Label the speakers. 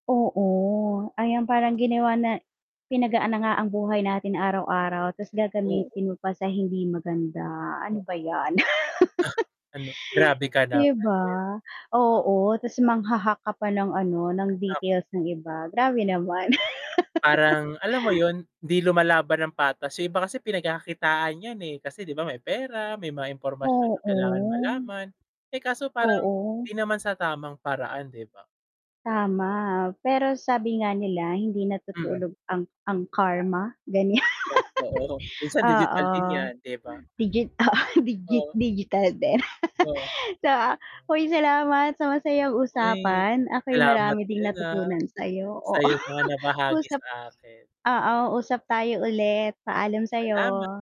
Speaker 1: Oo. Ayan, parang ginawa na pinagaan na nga ang buhay natin araw-araw ta's
Speaker 2: Oo.
Speaker 1: gagamitin mo pa sa hindi maganda, ano
Speaker 2: Bakit?
Speaker 1: ba 'yan.
Speaker 2: Ha, ano, grabe ka
Speaker 1: Di
Speaker 2: naman din.
Speaker 1: ba? Oo, ta's mangha-hack ka pa ng ano, ng
Speaker 2: Nam
Speaker 1: details ng iba, grabe naman.
Speaker 2: Parang alam mo yun, di lumalaban ng patas. Yung iba kasi pinagkakakitaan 'yan, eh, kasi di ba may pera, may mga impormasyon na kailangan
Speaker 1: Oo.
Speaker 2: malaman. Eh, kaso parang
Speaker 1: Oo.
Speaker 2: hindi naman sa tamang paraan, 'di ba?
Speaker 1: Tama. Pero sabi nga nila, hindi
Speaker 2: Mm.
Speaker 1: natutulog ang ang karma, ganyan.
Speaker 2: Totoo. Minsan
Speaker 1: Oo,
Speaker 2: digital din 'yan, 'di ba?
Speaker 1: digit digit
Speaker 2: O
Speaker 1: digital din.
Speaker 2: Oh.
Speaker 1: So, uy salamat sa masayang
Speaker 2: Uy
Speaker 1: usapan ako'y
Speaker 2: salamat
Speaker 1: marami ding
Speaker 2: din, ah,
Speaker 1: natutunan sa'yo,
Speaker 2: sa
Speaker 1: oo.
Speaker 2: 'yong mga nabahagi
Speaker 1: Usap
Speaker 2: sa akin.
Speaker 1: oo, usap tayo ulit, paalam
Speaker 2: Salamat.
Speaker 1: sa'yo.